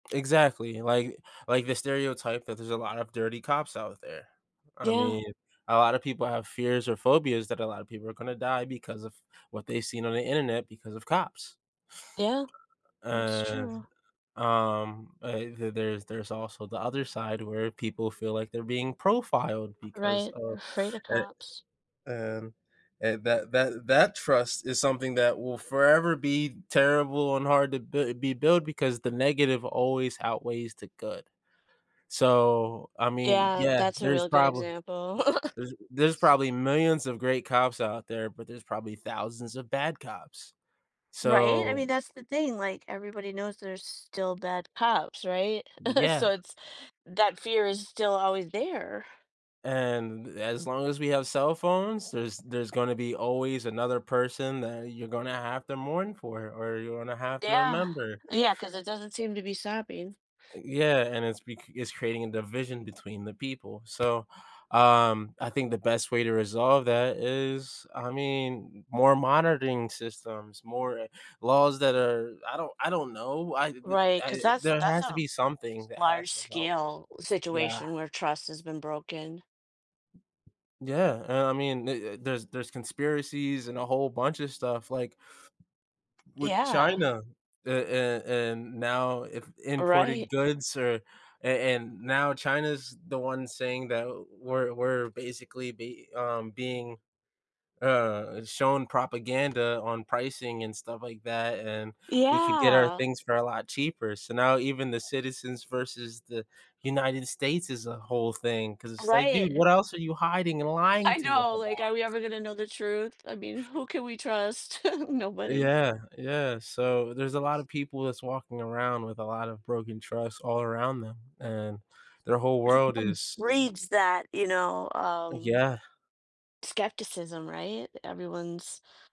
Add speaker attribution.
Speaker 1: Exactly, like like the stereotype that there's a lot of dirty cops out there. I
Speaker 2: Yeah.
Speaker 1: mean, a lotta people have fears or phobias that a lotta people are gonna die because of what they've seen on the internet because of cops.
Speaker 2: Yeah, that's
Speaker 1: Uh,
Speaker 2: true.
Speaker 1: um, uh, the there's there's also the other side where people feel like they're being profiled because
Speaker 2: Right,
Speaker 1: of
Speaker 2: afraid of
Speaker 1: eh,
Speaker 2: cops.
Speaker 1: and and that that that trust is something that will forever be terrible, and hard to b be built because the negative always outweighs the good. So, I mean,
Speaker 2: Yeah,
Speaker 1: yeah,
Speaker 2: that's a
Speaker 1: there's
Speaker 2: real good
Speaker 1: probably
Speaker 2: example.
Speaker 1: there's there's
Speaker 2: S
Speaker 1: probably millions of great cops out there, but there's probably thousands of bad cops,
Speaker 2: Right, I
Speaker 1: so
Speaker 2: mean, that's the thing like everybody knows there's still bad cops, right, so
Speaker 1: Yeah.
Speaker 2: it's that fear is still always there.
Speaker 1: And as long as we have cell phones, there's there's gonna be always another person that you're gonna have to mourn for, or you're gonna have to
Speaker 2: Yeah.
Speaker 1: remember.
Speaker 2: Yeah, 'cause it doesn't seem to be stopping.
Speaker 1: U yeah, and it's bec it's creating a division between the people, so, um, I think the best way to resolve that is I mean, more monitoring systems, more, uh, laws that are I don't I don't know, I th th
Speaker 2: Right, 'cause
Speaker 1: I
Speaker 2: that's
Speaker 1: there
Speaker 2: that's
Speaker 1: has to
Speaker 2: a
Speaker 1: be something
Speaker 2: s
Speaker 1: that
Speaker 2: large
Speaker 1: has to help,
Speaker 2: scale
Speaker 1: yeah.
Speaker 2: situation where trust has been broken.
Speaker 1: Yeah, and I mean, uh uh, there's there's conspiracies, and a whole bunch of stuff like, with
Speaker 2: Yeah.
Speaker 1: China, uh, and and now if imported
Speaker 2: Right.
Speaker 1: goods or and and now China's the one saying that, uh, "We're we're basically be um, being, uh, shown propaganda on pricing, and stuff like that, and we could get our
Speaker 2: Yeah.
Speaker 1: things for a lot cheaper," so now, even the citizens versus the United States is a whole thing, 'cause it's like, "Dude,
Speaker 2: Right.
Speaker 1: what else are you hiding and lying
Speaker 2: I
Speaker 1: to us
Speaker 2: know, like,
Speaker 1: about?"
Speaker 2: are we ever gonna know the truth? I mean, who can we trust?
Speaker 1: Uh,
Speaker 2: Nobody.
Speaker 1: yeah yeah, so there's a lot of people that's walking around with a lot of broken trust all around them, and their whole world is
Speaker 2: Reads that, you know, um
Speaker 1: Yeah.
Speaker 2: skepticism, right, everyone's